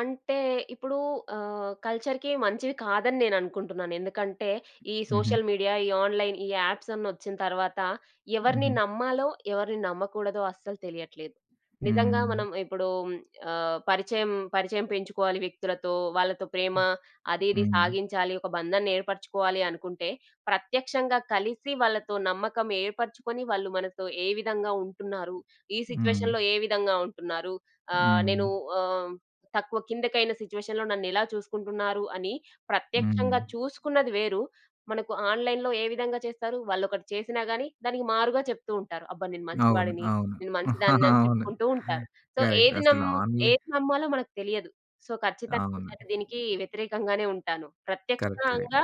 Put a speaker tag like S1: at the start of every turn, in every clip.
S1: అంటే, ఇప్పుడూ ఆహ్, కల్చర్‌కి మంచివి కాదని నేననుకుంటున్నాను. ఎందుకంటే, ఈ
S2: హుహు.
S1: సోషల్ మీడియా, ఈ ఆన్‌లైన్ ఈ యాప్సన్నొచ్చిన తర్వాతా, ఎవరిని
S2: హుహు.
S1: నమ్మాలో ఎవరిని నమ్మకూడదో అస్సలు తెలియట్లేదు. నిజంగా
S2: హ్మ్.
S1: మనం ఇప్పుడూ ఆహ్, పరిచయం పరిచయం పెంచుకోవాలి వ్యక్తులతో, వాళ్ళతో
S2: హ్మ్.
S1: ప్రేమా అది ఇది
S2: హ్మ్.
S1: సాగించాలి, ఒక బంధాన్ని ఏర్పరుచుకోవాలి అనుకుంటే, ప్రత్యక్షంగా కలిసి వాళ్ళతో నమ్మకం ఏర్పరుచుకొని, వాళ్ళు మనతో ఏ విధంగా ఉంటున్నారు, ఈ
S2: హ్మ్.
S1: సిట్యుయేషన్‌లో ఏ విధంగా ఉంటున్నారు, ఆహ్,
S2: హ్మ్.
S1: నేను ఆహ్, తక్కువ, కిందకైన సిచ్యువేషన్‌లో నన్నెలా చూసుకుంటున్నారు అని
S2: హ్మ్.
S1: ప్రత్యక్షంగా చూసుకున్నది వేరు. మనకు ఆన్లైన్‌‌లో ఏ విధంగా చేస్తారు, వా‌ళ్ళొకటి చేసినా గానీ, దానికి మారుగా చెప్తూ ఉంటారు. అబ్బా! నేను మంచి
S2: అవును.
S1: వాడిని,
S2: అవును.
S1: నేను మంచిదాన్నని
S2: అవును.
S1: చెప్పుకుంటూ ఉంటారు. So,
S2: correct.
S1: ఏది
S2: అసలు
S1: నమ్
S2: ఆన్‌లై
S1: ఏది నమ్మాలో మనకు తెలియదు. సో, ఖచ్చితంగా
S2: అవును.
S1: నేనైతే దీనికీ వ్యతిరేకంగానే ఉంటాను.
S2: కరెక్ట్. కరెక్ట్.
S1: ప్రత్యక్షంగా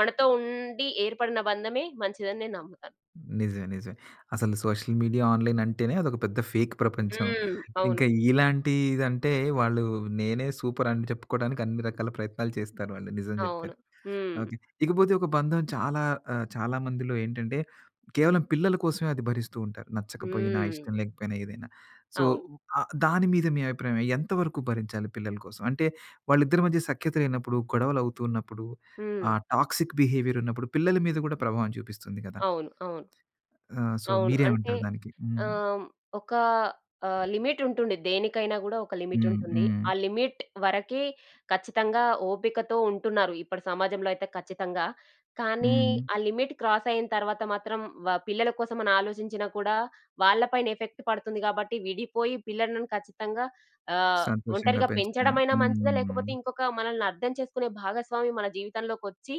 S1: మనతో ఉండి ఏర్పడిన బంధమే మంచిదని నేను నమ్ముతాను.
S2: నిజమే. నిజమే. అసలు సోషల్ మీడియా, ఆన్‌లైన్ అంటేనే అదొక పెద్ద ఫేక్ ప్రపంచం.
S1: హ్మ్.
S2: ఇంక
S1: అవును.
S2: ఇలాంటిదంటే, వాళ్ళూ నేనే సూపరని చెప్పుకోడానికి అన్ని రకాల ప్రయత్నాలు చేస్తారు వాళ్ళు. నిజం
S1: అవును.
S2: జెప్పారు.
S1: హ్మ్.
S2: ఓకె. ఇకపోతే ఒక బంధం చాలా ఆహ్, చాలా మందిలో ఏంటంటే, కేవలం పిల్లల కోసమే అది భరిస్తూ ఉంటారు, నచ్చకపోయినా,
S1: హ్మ్.
S2: ఇష్టం లేకపోయినా, ఏదైనా. సో,
S1: అవును.
S2: ఆహ్, దాని మీద మీ అభిప్రాయమేం, ఎంతవరకు భరించాలి పిల్లల కోసం? అంటే, వాళ్ళిద్దరి మధ్య సఖ్యత లేనప్పుడు, గొడవలవుతూ ఉన్నప్పుడు,
S1: హ్మ్.
S2: ఆహ్, టాక్సిక్ బిహేవియరున్నప్పుడు పిల్లల మీద గూడా ప్రభావం చూపిస్తుంది గదా!
S1: అవును. అవును.
S2: ఆహ్, సో,
S1: అవును. అంటే,
S2: మీరేవంటారు దానికి?
S1: ఆహ్,
S2: హ్మ్.
S1: హ్మ్, ఒకా ఆహ్, లిమిటుంటుండె. దేనికైనా గూడా ఒక
S2: హ్మ్.
S1: లిమిటుంటుంది.
S2: హ్మ్.
S1: ఆ లిమిట్ వరకే ఖచ్చితంగా ఓపికతో ఉంటున్నారు, ఇప్పడి సమాజంలో అయితే ఖచ్చితంగా. కానీ,
S2: హ్మ్.
S1: ఆ లిమిట్ క్రాసయిన తర్వాత మాత్రం వ పిల్లల కోసమనాలోచించినా కూడా, వాళ్ళ పైన ఎఫెక్ట్ పడుతుంది గాబట్టి, విడిపోయి పిల్లలను ఖచ్చితంగా ఆహ్,
S2: సంతోషంగా
S1: ఒంటరిగా
S2: పెంచటం.
S1: పెంచడమైనా మంచిదా, లేకపోతే
S2: హ్మ్.
S1: ఇంకొకా మనలని అర్థం చేసుకునే భాగస్వామి మన జీవితంలోకొచ్చి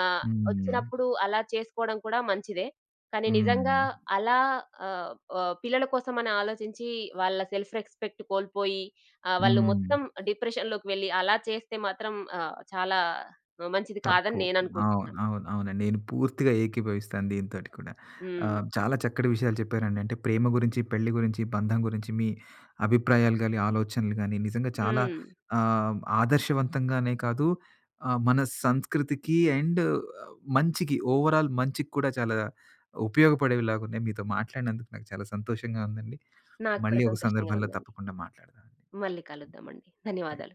S1: ఆహ్,
S2: హ్మ్.
S1: ఒచ్చినప్పుడు అలా చేసుకోడం కూడా మంచిదే. కానీ, నిజంగా
S2: హ్మ్.
S1: అలా ఆహ్, ఆహ్, పిల్లల కోసమని ఆలోచించీ, వాళ్ళ సెల్ఫ్ రెస్పెక్ట్ కోల్పోయి ఆహ్, వాళ్ళు మొత్తం
S2: హ్మ్.
S1: డిప్రెషన్‌లోకి వెళ్లి, అలా చేస్తే మాత్రం ఆహ్, చాలా ఆహ్, మంచిది కాదని
S2: తప్పు. అవును.
S1: నేననుకుంటున్నాను.
S2: అవును. అవునండి. నేను పూర్తిగా ఏకీభవిస్తాను దీనితోటి కూడా.
S1: హ్మ్.
S2: ఆహ్, చాలా చక్కటి విషయాలు చెప్పారండి. అంటే, ప్రేమ గురించి, పెళ్లి గురించి, బంధం గురించి, మీ అభిప్రాయాలు గానీ, ఆలోచనలు గానీ, నిజంగా చాలా
S1: హ్మ్.
S2: ఆహ్, ఆదర్శవంతంగానే కాదు ఆహ్, మన సంస్కృతికి అండ్ మంచికి, ఓవరాల్ మంచికి కూడా చాలా ఉపయోగపడేవిలాగున్నాయి. మీతో మాట్లాడినందుకు నాకు చాలా సంతోషంగా ఉందండి.
S1: నాకు కూడా
S2: మళ్ళీ ఒక
S1: సంతోషంగా
S2: సందర్భంలో
S1: ఉందండి.
S2: తప్పకుండా మాట్లాడుదావండి.
S1: మళ్ళీ కలుద్దామండి.
S2: తెన్
S1: ధన్యవాదాలు.